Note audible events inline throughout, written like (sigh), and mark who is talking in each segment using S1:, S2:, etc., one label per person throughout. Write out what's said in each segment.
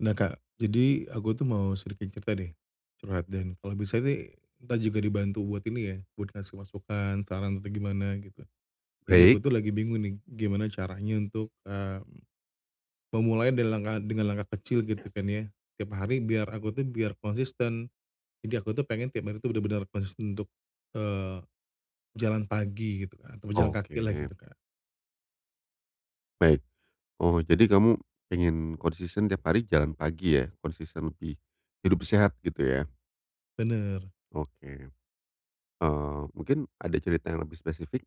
S1: Nah, Kak, jadi aku tuh mau sedikit cerita deh. Curhat dan kalau bisa sih kita juga dibantu buat ini ya, buat kasih masukan, saran, atau gimana gitu. Jadi, aku
S2: Baik.
S1: tuh lagi bingung nih gimana caranya untuk, mmm, memulai delengan dengan langkah kecil gitu kan ya tiap hari biar aku tuh biar konsisten jadi aku tuh pengen tiap hari tuh bener-bener konsisten untuk, eee, jalan pagi gitu, Kak, atau jalan kaki lah
S2: Oke.
S1: gitu, Kak.
S2: Baik. Oh jadi kamu pengen konsisten tiap hari jalan pagi ya? Konsisten lebih hidup sehat gitu ya?
S1: Bener.
S2: Oke. Eee, mungkin ada cerita yang lebih spesifik?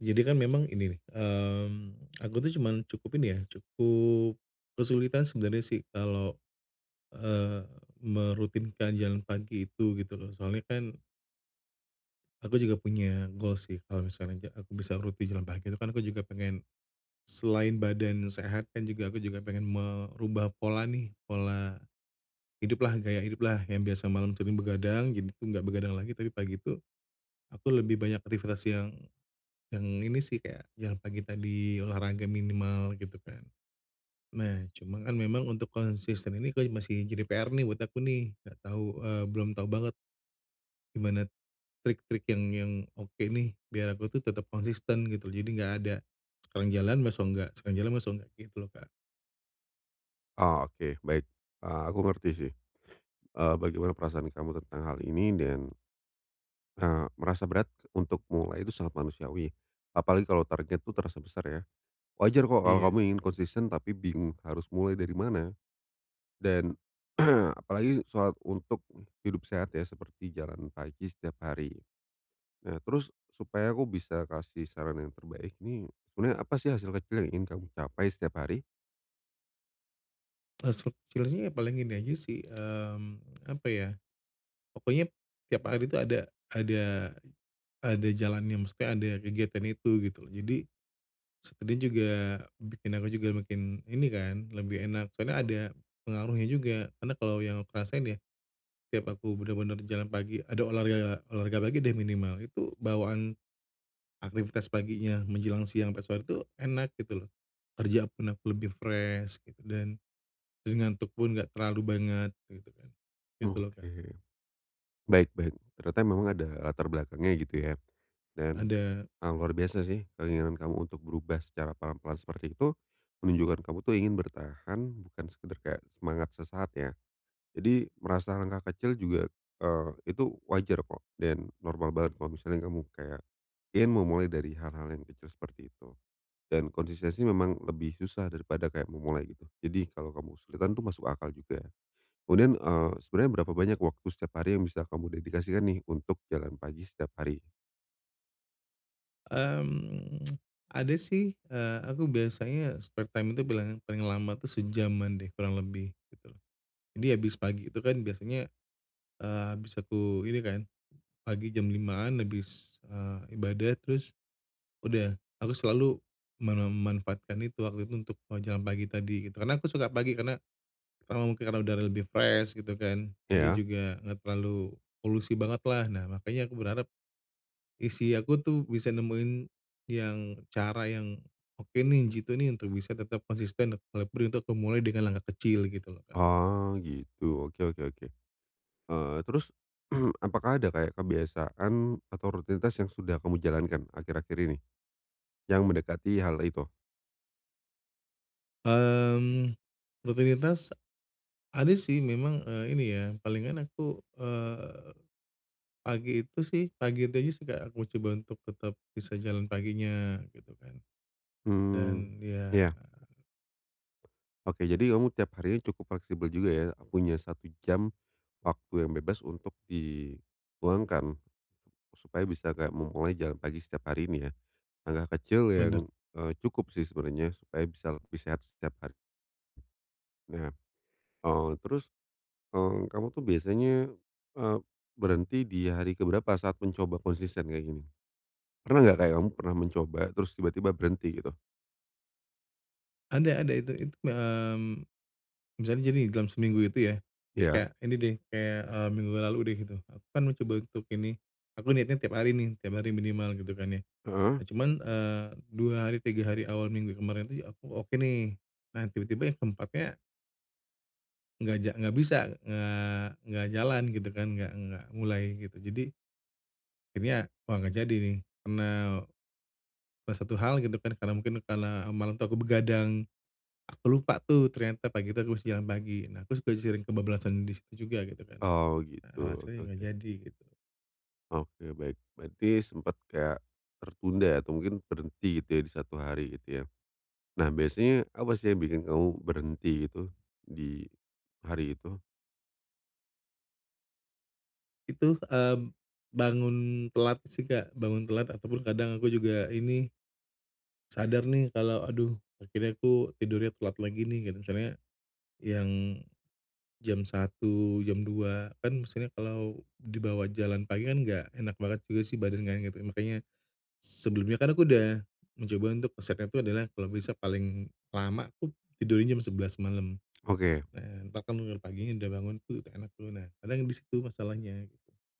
S1: Jadi kan memang ini nih, mmm, aku tuh cuman cukup ini ya, cukup kesulitan sebenarnya sih kalau, eee, merutinkan jalan pagi itu gitu loh soalnya kan aku juga punya goals sih, kalau misalnya ja aku bisa rutin jalan pagi itu kan aku juga pengen selain badan yang sehat, kan juga aku juga pengen merubah pola nih. Pola hiduplah, gaya hiduplah yang biasa malam sering begadang jadi tuh nggak begadang lagi. Tapi pagi itu aku lebih banyak aktivitas yang, yang ini sih, kayak jalan pagi tadi, olahraga minimal gitu kan. Nah, cuman kan memang untuk konsisten ini kayak masih jadi PR nih buat aku nih nggak tahu, eee belum tahu banget gimana trik-trik yang yang oke nih biar aku tuh tetap konsisten gitu. Jadi nggak ada sekarang jalan, besok enggak sekarang jalan, besok enggak, gitu loh, Kak.
S2: Oh oke baik, eee, aku ngerti sih. Eee, bagaimana perasaan kamu tentang hal ini dan, eee, merasa berat untuk mulai itu sangat manusiawi ya. Apalagi kalo target tuh terasa besar ya? Wajar kok kalo kamu
S1: Iya.
S2: ingin konsisten tapi bingung harus mulai dari mana. Dan (clears throat) apalagi soal untuk u hidup sehat ya seperti jalan pagi setiap hari. Nah, terus supaya aku bisa kasih saran yang terbaik ini, sebenernya apa sih hasil kecil yang ingin kamu capai setiap hari?
S1: Eee, seb sebenernya paling ini aja sih, mmm, apa ya, pokoknya tiap hari itu ada ada ada jalannya, maksudnya ada kegiatan itu gitu loh, jadi sekalian juga bikin aku juga makin ini kan, lebih enak soalnya ada pengaruhnya juga karena kalau yang aku rasain ya, tiap aku bener-bener jalan pagi ada olahraga olahraga pagi deh minimal, itu bawaan aktivitas paginya menjelang siang pas waktu enak gitu loh, kerja pun aku lebih fresh gitu dan dan ngantuk pun enggak terlalu banget kayak gitu kan. Gitu loh, Kak.
S2: Oke. Baik baik. Ternyata memang ada latar belakangnya gitu ya, dan,
S1: Ada.
S2: eee, luar biasa sih keinginan kamu untuk berubah secara pelan-pelan seperti itu, menunjukan kamu tuh ingin bertahan bukan sekedar kayak semangat sesaat ya. Jadi merasa langkah kecil juga, eee, itu wajar kok dan normal banget kalau misalnya kamu kayak ingin memulai dari hal-hal yang kecil seperti itu dan konsistensi memang lebih susah daripada kayak memulai gitu, jadi kalau kamu kesulitan tuh masuk akal juga. Kemudian, eee, sebenernya berapa banyak waktu setiap hari yang bisa kamu dedikasikan nih untuk jalan pagi setiap hari?
S1: Mhm, (tsk) ada sih, eee, aku biasanya spare time itu bilangnya paling lama tuh sejaman deh kurang lebih, gitu loh. Jadi, habis pagi itu kan biasanya, eee, habis aku ini kan, pagi jam 5.00-an habis, eee, ibadah terus udah, aku selalu memanfaatkan itu waktu itu untuk mau jalan pagi tadi gitu, karena aku suka pagi karena, karena mungkin karena udara lebih fresh gitu kan jadi
S2: Iya.
S1: juga enggak terlalu polusi banget lah nah makanya aku berharap, isi aku tuh bisa nemuin yang cara yang oke nih, jitu nih untuk bisa tetap konsisten nek walaupun itu aku mulai dengan langkah kecil gitu loh Kak.
S2: Oh, gitu. Oke oke oke. Eee, terus (clears throat) apakah ada kayak kebiasaan atau rutinitas yang sudah kamu jalankan akhir-akhir ini? Yang mendekati hal itu?
S1: Mmm, rutinitas ada sih memang, eee, ini ya palingan aku, eee, pagi itu sih pagi itu aja sih, Kak, aku coba untuk tetap bisa jalan paginya gitu kan,
S2: Hmm,
S1: dan, ya
S2: iya. Oke, jadi kamu tiap harinya cukup fleksibel juga ya, punya 1 jam waktu yang bebas untuk di luangkan supaya bisa kayak mau mulai jalan pagi setiap hari ini ya. Langkah kecil yang,
S1: Bener.
S2: eee, cukup sih sebenarnya supaya bisa lebih sehat setiap hari. Nah, eee, terus, eee, kamu tuh biasanya, eee, berhenti di hari keberapa saat mencoba konsisten kayak gini? Pernah nggak kayak kamu pernah mencoba terus tiba-tiba berhenti gitu?
S1: Ada ada itu itu mi mmm, misalnya jadi dalam seminggu itu ya,
S2: Iya.
S1: kayak ini deh kayak, eee, minggu lalu udah gitu, aku kan mau coba untuk ini, aku niatnya tiap hari nih, tiap hari minimal gitu kan ya.
S2: Heeh.
S1: Nah cuman, eee, 2 hari, 3 hari awal minggu kemarin itu aku oke nih, nah tiba-tiba yang ke-4-nya nggak ja nggak bisa, eee, nggak jalan gitu kan, nggak nggak mulai gitu. Jadi akhirnya wah nggak jadi nih karena, eee, satu hal gitu kan karena mungkin karena malam itu aku begadang. Aku lupa tuh ternyata pagi itu aku harus jalan pagi. Nah aku suka sering kebabalasan di situ juga gitu kan,
S2: Oh, gitu.
S1: nah alasannya
S2: Oke
S1: nggak
S2: oke.
S1: jadi gitu.
S2: Oke, baik. Berarti sempet kayak tertunda atau mungkin berhenti gitu ya di 1 hari gitu ya. Nah, biasanya apa sih yang bikin kamu berhenti itu, di hari itu?
S1: Itu, mmm, bangun telat sih, Kak, bangun telat ataupun kadang aku juga ini sadar nih kalo aduh akhirnya aku tidurnya kuat lagi nih, gitu. Misalnya yang jam 1.00, jam 2.00, kan maksudnya kalau dibawa jalan pagi kan nggak enak banget juga sih badan kan gitu, makanya sebelumnya kan aku udah mencoba untuk resepnya tuh adalah kalau besok paling lama tuh tidurnya jam 11.00 malam,
S2: Oke.
S1: eee, bahkan bangun paginya udah bangun tuh udah enak tuh, nah kadang di situ masalahnya.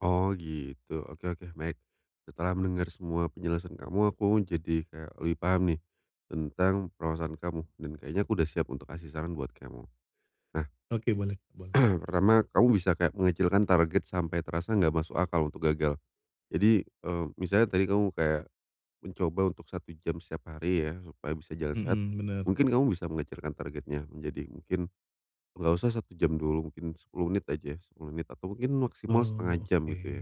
S2: Oh gitu, oke oke baik. Setelah mendengar semua penjelasan kamu aku jadi kayak lebih paham nih tentang permasalahan kamu dan kayaknya aku udah siap untuk kasih saran buat kamu. Nah
S1: Oke boleh boleh.
S2: (clears throat) pertama, kamu bisa kayak mengecilkan target sampai terasa nggak masuk akal untuk gagal. Jadi, eee, misalnya tadi kamu kayak mencoba untuk 1 jam setiap hari ya supaya bisa jalan sehat,
S1: Mhm bener.
S2: mungkin kamu bisa mengecilkan targetnya menjadi mungkin nggak usah 1 jam dulu, mungkin 10 menit aja, 10 menit atau mungkin maksimal 1/2
S1: Oh
S2: jam
S1: oke.
S2: gitu ya,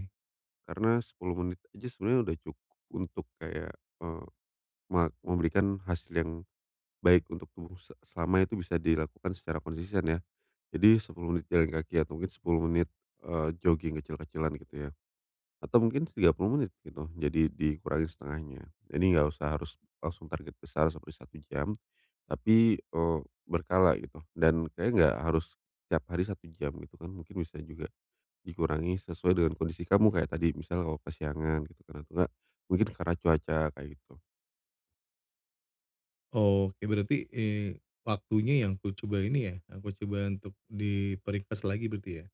S2: karena 10 menit aja sebenernya udah cukup untuk kayak, eee, ma memberikan hasil yang baik untuk tubuh se selama itu bisa dilakukan secara konsisten ya. Jadi 10 menit jalan kaki atau mungkin 10 menit, eee, jogging kecil-kecilan gitu ya, atau mungkin 30 menit gitu jadi dikurangi 1/2-nya. Jadi, nggak usah harus langsung target besar seperti 1 jam tapi, eee, berkala gitu, dan kayaknya gak harus tiap hari 1 jam gitu kan, mungkin bisa juga dikurangi sesuai dengan kondisi kamu kayak tadi misal kalau kesiangan gitu kan, atau nggak mungkin karena cuaca kayak gitu.
S1: Oh oke berarti, eee, waktunya yang kucoba ini ya, aku coba untuk diperingkas lagi berarti ya?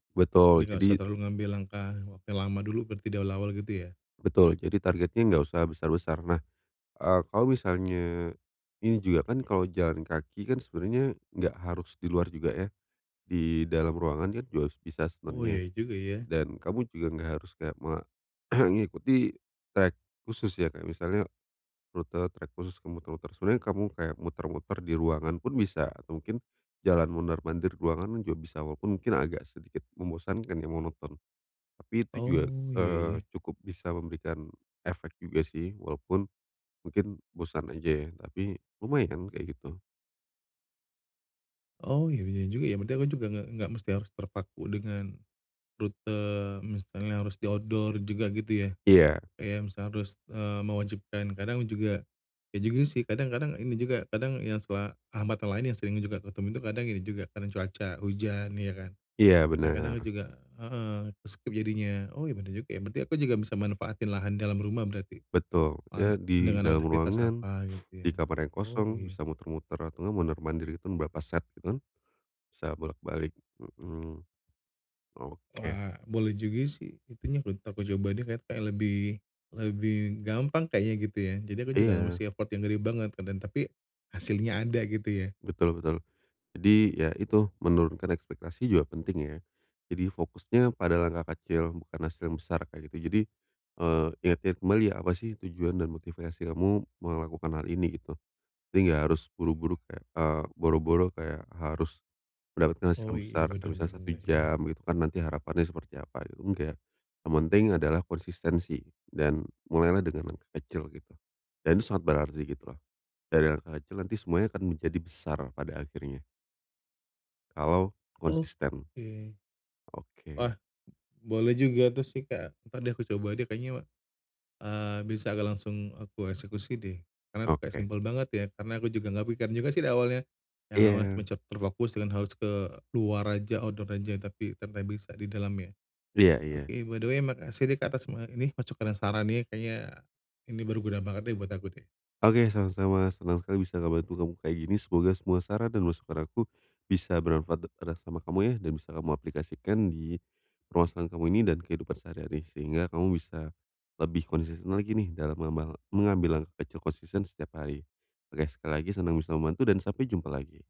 S1: Jadi
S2: Betul,
S1: nggak
S2: jadi
S1: usah terlalu ngambil langkah wa yang lama dulu, berarti dari awal gitu ya?
S2: Betul. Jadi targetnya nggak usah besar-besar. Nah, eee, kalau misalnya ini juga kan kalau jalan kaki kan sebenarnya nggak harus di luar juga ya. Di dalam ruangan kan juga bisa
S1: Oh iya
S2: sebenarnya
S1: juga ya.
S2: dan kamu juga nggak harus kayak me (clears throat) ngikuti trek khusus ya kayak misalnya rute trek khusus ke muter-muter. Sebenernya kamu kayak muter-muter di ruangan pun bisa atau mungkin jalan mondar-mandir ruangan juga bisa walaupun mungkin agak sedikit membosankan ya monoton. Tapi itu juga,
S1: Oh iya
S2: eee,
S1: ya.
S2: cukup bisa memberikan efek juga sih walaupun mungkin bosan aja ya tapi lumayan kayak gitu.
S1: Oh iya iya juga ya, berarti aku juga nggak nggak mesti harus terpaku dengan rute misalnya harus di outdoor juga gitu ya.
S2: Iya.
S1: Kayak misal harus, eee, mewajibkan kadang juga iya juga sih kadang kadang ini juga kadang yang suka, hambatan lain yang sering juga aku temuin tuh kadang ini juga karena cuaca, hujan, iya kan.
S2: Iya
S1: Kadang-kadang
S2: bener.
S1: juga heeh, ke-skip jadinya. Oh iya bener juga ya berarti aku juga bisa manfaatin lahan dalam rumah berarti?
S2: Betul,
S1: An
S2: ya di
S1: dengan
S2: dalam
S1: aktifitas
S2: ruangan,
S1: apa
S2: (sniffs)
S1: gitu
S2: di
S1: ya.
S2: kamar yang
S1: Oh
S2: kosong
S1: iya.
S2: bisa muter-muter, atau nggak mondar-mandir hitung beberapa set gitu kan bisa bolak-balik, mhm. Oke.
S1: Wah boleh juga sih, itu nyimpulin aku coba deh kayak kayak lebih lebih gampang kayaknya gitu ya, jadi aku juga nggak
S2: Iya.
S1: mesti repotin diri banget kan dan tapi hasilnya ada gitu ya.
S2: Betul betul. Jadi ya itu menurunkan ekspektasi juga penting ya. Jadi fokusnya pada langkah kecil bukan hasil yang besar kayak gitu. Jadi, eee, ingat-ingat kembali ya apa sih tujuan dan motivasi kamu melakukan hal ini gitu. Jadi nggak harus buru-buru kayak eee, boro-boro kayak harus mendapatkan hasil
S1: Oh
S2: yang
S1: iya,
S2: besar. Kayak
S1: bener
S2: misalnya 1
S1: juga ya.
S2: jam gitu kan nanti harapannya seperti apa gitu, enggak. Yang penting adalah konsistensi dan mulailah dengan langkah kecil gitu dan sangat berarti gitu loh. Dari langkah kecil nanti semuanya akan menjadi besar pada akhirnya. Kalau konsisten.
S1: Oke. Wah,
S2: Oke.
S1: boleh juga tuh sih, Kak. Entar deh, aku coba deh kayaknya, eee, bisa agak langsung aku eksekusi deh karena itu kayak
S2: Oke.
S1: simple banget ya, karena aku juga nggak kepikiran juga sih di awalnya, yang awalnya
S2: Iya.
S1: cuman cet terfokus dengan harus ke luar aja, outdoor aja tapi sampai bisa di dalam ya.
S2: Iya iya.
S1: Oke by the way, makasih nih, Kak, atas semua ini masukan dan sarannya kayaknya ini berguna banget deh buat aku deh.
S2: Oke, sama-sama, senang sekali bisa ngebantu kamu kayak gini, semoga semua saran dan masukan aku bisa bermanfaat d eras sama kamu ya dan bisa kamu aplikasikan di ruasan kamu ini dan kehidupan sehari-hari, sehingga kamu bisa lebih konsisten lagi nih dalam mema mengambil langkah kecil konsisten setiap hari. Oke, sekali lagi senang bisa membantu dan sampai jumpa lagi.